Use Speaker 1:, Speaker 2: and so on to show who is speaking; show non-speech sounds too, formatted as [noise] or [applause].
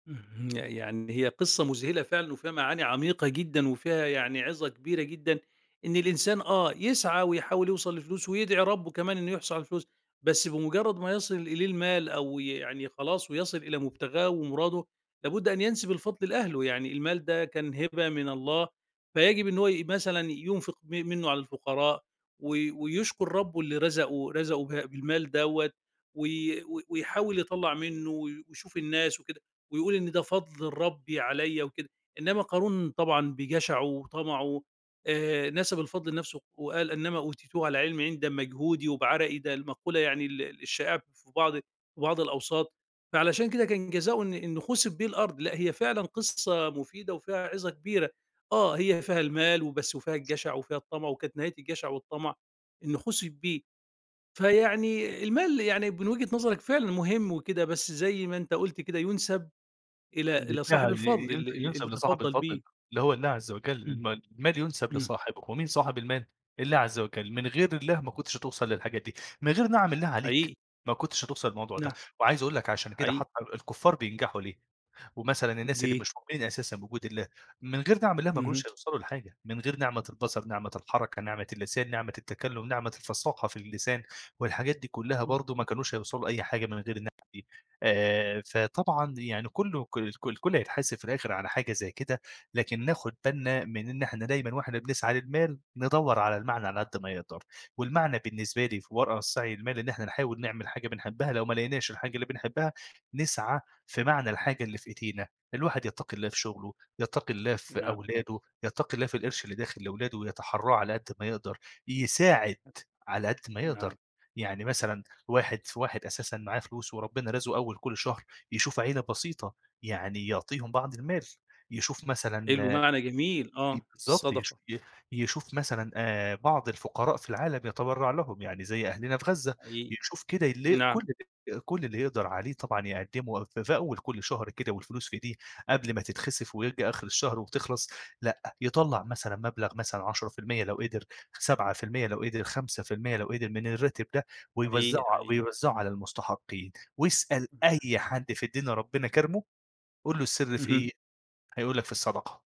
Speaker 1: اهم، يعني هي قصّة مذهلة فعلًا وفيها معاني عميقة جدًا وفيها يعني عظة كبيرة جدًا، إن الإنسان، آه، يسعى ويحاول يوصل لفلوس ويدعي ربُّه كمان إنه يحصل على فلوس، بس بمجرد ما يصل إليه المال أو ي يعني خلاص ويصل إلى مبتغاه ومراده، لابد أن ينسب الفضل لأهله، يعني المال ده كان هبة من الله، فيجب إن هو ي مثلًا ينفق م منه على الفقراء، و ويشكر ربُّه اللي رزقه رزقه به بالمال دوّة وي و ويحاول يطلّع منه و ويشوف الناس وكده، ويقول إن ده فضل ربي عليّا وكده. إنما قارون طبعًا بجشعه وطمعه، آآ نسب الفضل لنفْسه وقال: "إِنَّمَا أُوتِيتُهُ عَلَىٰ عِلْمٍ عِندِي." ده بمجهودي وبعرقي، ده المقولة يعني ال الشائعة في بعض بعض الأوساط، فعلشان كده كان جزائه إن إنه خُسف بيه الأرض، لأ هي فعلًا قصّة مفيدة وفيها عظة كبيرة، آه، هي فيها المال وبس وفيها الجشع وفيها الطمع وكانت نهاية الجشع والطمع إنه خُسف بيه.
Speaker 2: [unintelligible]
Speaker 1: فيعني المال يعني من وجهة نظرك فعلًا مهم وكده بس زي ما أنت قُلت كده يُنسب إلى إلى صاحب
Speaker 2: بالفعل،
Speaker 1: الفضل،
Speaker 2: ينس
Speaker 1: ال ال
Speaker 2: ينسب
Speaker 1: اللي
Speaker 2: لصاحب
Speaker 1: تفضّل
Speaker 2: الفضل،
Speaker 1: بيه.
Speaker 2: اللي هو الله عزّ وجَل،
Speaker 1: إمم،
Speaker 2: الما المال ينسب
Speaker 1: إمم.
Speaker 2: لصاحبه، ومين صاحب المال؟ الله عزّ وجَل، من غير الله ما كنتش هتوصل للحاجات دي، من غير نِعَم الله عليك
Speaker 1: حقيقي.
Speaker 2: ما كنتش هتوصل للموضوع ده،
Speaker 1: نعم،
Speaker 2: وعايز أقول لك عشان كده
Speaker 1: حقيقي.
Speaker 2: حتّى ال الكفّار بينجحوا ليه؟ ومثلًا الناس اللي
Speaker 1: ليه؟
Speaker 2: مش مؤمنين أساسًا بوجود الله، من غير نِعَم الله ما
Speaker 1: اهم.
Speaker 2: كانوش هيوصلوا لحاجة، من غير نِعمة البصر، نِعمة الحركة، نِعمة اللسان، نِعمة التكلّم، نِعمة الفساقة في اللسان، والحاجات دي كلّها
Speaker 1: إمم.
Speaker 2: برضه ما كانوش هيوصلوا لأي حاجة من غير النِعم دي، آآ فطبعًا يعني كلّه ك الك الكلّ هيتحاسب في الآخر على حاجة زي كده، لكن ناخد بالنا من إن إحنا دايمًا وإحنا بنسعى للمال، ندوّر على المعنى على قد ما نقدر، والمعنى بالنسبة لي في ورا السعي للمال إن إحنا نحاول نعمل حاجة بنحبها، لو ما لقيناش الحاجة اللي بنحبها، نسعى في معنى الحاجة اللي في إيدينا. الواحد يتّقي الله في شغله، يتّقي الله في
Speaker 1: نَعَم.
Speaker 2: أولاده، يتّقي الله في القرش اللي داخل لولاده ويتحرّاه على قد ما يقدر، يساعد
Speaker 1: [unintelligible]
Speaker 2: على قد ما يقدر.
Speaker 1: نَعَم.
Speaker 2: يعني مثلًا واحد في واحد أساسًا معاه فلوس وربنا رازقه أول كلّ شهر، يشوف عيلة بسيطة، يعني يعطيهم بعض المال، يشوف مثلًا
Speaker 1: حلو،
Speaker 2: آآ
Speaker 1: معنى جميل
Speaker 2: إ
Speaker 1: آه،
Speaker 2: بالضبط يش
Speaker 1: الصدقة.
Speaker 2: ي يشوف مثلًا آآ بعض الفقراء في العالم يتبرّع لهم، يعني زي أهلنا في غزة،
Speaker 1: حقيقي،
Speaker 2: يشوف كده اللي
Speaker 1: نَعَم.
Speaker 2: كلّ اللي كلّ اللي يقدر عليه طبعًا يقدّمه، في في أول كلّ شهر كده والفلوس في إيديه، قبل ما تتخسف ويرجع آخر الشهر وبتخلص، لأ، يطلّع مثلًا مبلغ مثلًا 10% لو قدر، 7% لو قدر، 5% لو قدر من الراتب ده، ويوزّعه
Speaker 1: حقيقي، حقيقي.
Speaker 2: ويوزّعه على المستحقين، وأسأل
Speaker 1: إمم، ده
Speaker 2: أي
Speaker 1: حقيقي.
Speaker 2: حد في الدنيا ربنا كارمه، قول له السر في
Speaker 1: اهم.
Speaker 2: إيه؟ هيقول لك في الصدقة.